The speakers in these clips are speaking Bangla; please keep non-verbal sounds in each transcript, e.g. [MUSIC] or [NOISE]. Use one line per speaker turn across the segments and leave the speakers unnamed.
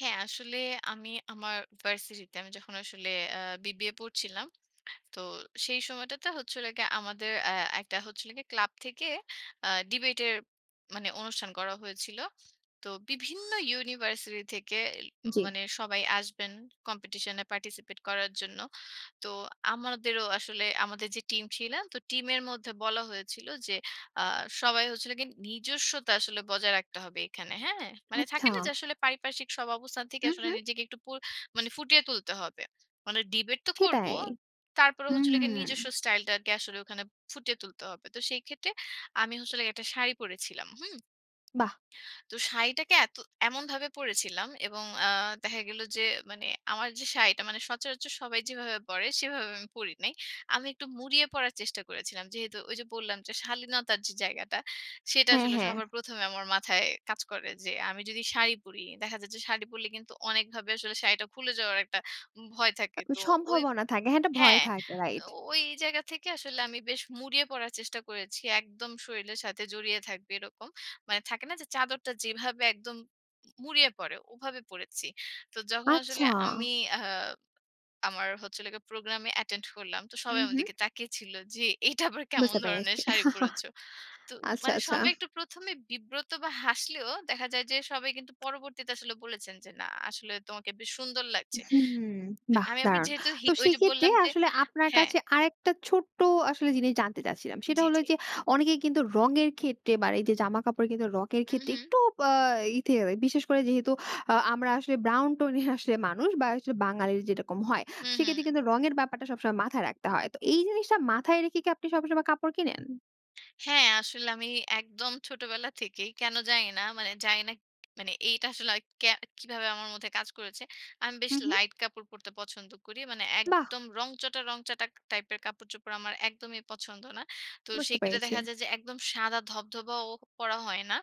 হ্যাঁ, আসলে আমি আমার ভার্সিটিতে আমি যখন আসলে আ বিবিএ পড়ছিলাম। তো, সেই সময়টাতে হচ্ছিল কি, আমাদের আ একটা হচ্ছিল ক্লাব থেকে আ ডিবেটের মানে অনুষ্ঠান করা হয়েছিল। তো বিভিন্ন ইউনিভার্সিটি থেকে
জি।
মানে সবাই আসবেন কম্পিটিশনে পার্টিসিপেট করার জন্য। তো আমাদেরও আসলে আমাদের যে টিম ছিল, তো টিমের মধ্যে বলা হয়েছিল যে আ সবাই হচ্ছিল গিয়ে নিজস্বতা আসলে বজায় রাখতে হবে এখানে। হ্যাঁ? মানে
আচ্ছা।
থাকে না যে, আসলে পারিপার্শ্বিক সব অবস্থান থেকে
হু,
আসলে
হু।
নিজেকে একটু পুর ফুটিয়ে তুলতে হবে। মানে ডিবেট তো করব।
সেটাই
তারপরে
হু।
হচ্ছিল গিয়ে নিজস্ব স্টাইলটাকে আসলে ওখানে ফুটিয়ে তুলতে হবে। তো সেই ক্ষেত্রে আমি আসলে একটা শাড়ি পরেছিলাম। হুম?
বাহ!
তো শাড়িটাকে এতো এমনভাবে পরেছিলাম এবং আ দেখা গেল যে মানে আমার যে শাড়িটা মানে সচরাচর সবাই যেভাবে পরে সেভাবে আমি পড়ি নাই। আমি একটু মুড়িয়ে পড়ার চেষ্টা করেছিলাম। যেহেতু ওই যে বললাম যে, শালীনতার যে জায়গাটা সেটা
হ্যাঁ,
আসলে
হ্যাঁ।
সবার প্রথমে আমার মাথায় কাজ করে যে আমি যদি শাড়ি পড়ি দেখা যাচ্ছে, শাড়ি পরলে কিন্তু অনেকভাবে আসলে শাড়িটা খুলে যাওয়ার একটা ভয় থাকে। তো ওই
সম্ভাবনা থাকে। হ্যাঁ, একটা ভয়
হ্যাঁ,
থাকে। রাইট।
ওই জায়গা থেকে আসলে আমি বেশ মুড়িয়ে পড়ার চেষ্টা করেছি। একদম শরীলের সাথে জড়িয়ে থাকবে এরকম। মানে থাকে না যে চাদরটা যেভাবে একদম মুড়িয়ে পরে ওভাবে পরেছি। তো যখন আসলে
আচ্ছা।
আমি আ আমার হচ্ছিলো গিয়ে প্রোগ্রামে অ্যাটেন্ড করলাম। তো
হু,
সবাই আমার
হু।
দিকে তাকিয়ে ছিল যে, এটা আবার কেমন
বুঝতে
ধরনের
পেরেছি।
শাড়ি পরেছ?
[CHUCKLES]
তো
আচ্ছা,
মানে
আচ্ছা।
সবাই একটু প্রথমে বিব্রত বা হাসলেও দেখা যায় যে, সবাই কিন্তু পরবর্তীতে আসলে বলেছেন যে, না আসলে তোমাকে বেশ সুন্দর লাগছে।
হু, হুম। বাহ!
আমি আপনাকে
দারুণ।
যেহেতু
তো
হিক ওই যে
সেইক্ষেত্রে
বললাম যে,
আসলে আপনার
হ্যাঁ।
কাছে আরেকটা ছোট্ট আসলে জিনিস জানতে চাচ্ছিলাম। সেটা
জি,
হলো
জি।
যে অনেকেই কিন্তু রঙের ক্ষেত্রে বা এই যে, জামাকাপড় কিন্তু রঙের
উ,
ক্ষেত্রে
হুম।
একটু বা ই তে বিশেষ করে যেহেতু আমরা আসলে ব্রাউন টোনের আসলে মানুষ বা আসলে বাঙালির যেরকম হয়।
হুম,
সেক্ষেত্রে
হুম।
কিন্তু রঙের ব্যাপারটা সবসময় মাথায় রাখতে হয়। তো এই জিনিসটা মাথায় রেখে কি আপনি সবসময় কাপড় কিনেন?
হ্যাঁ। আসলে আমি একদম ছোটবেলা থেকেই কেন জানি না। মানে জানি না মানে এইটা আসলে আর কে কিভাবে আমার মধ্যে কাজ করেছে। আমি বেশ
হু, হু।
লাইট কাপড় পড়তে পছন্দ করি। মানে
বাহ!
একদম রংচটা রংচটা টাইপের কাপড়-চোপড়, আমার একদমই পছন্দ না। তো
বুঝতে
সেখানে
পেরেছি।
দেখা যায় যে, একদম সাদা ধবধবাও পরা হয় না।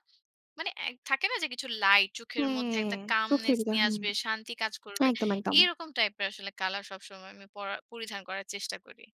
মানে এ থাকে না যে কিছু লাইট চোখের মধ্যে
হ্যাঁ।
একটা
চোখের
কামনেস
ভিতর।
নিয়ে
হুম।
আসবে, শান্তি কাজ করবে।
একদম, একদম।
এরকম টাইপের আসলে কালার সবসময় আমি পরার পরিধান করার চেষ্টা করি।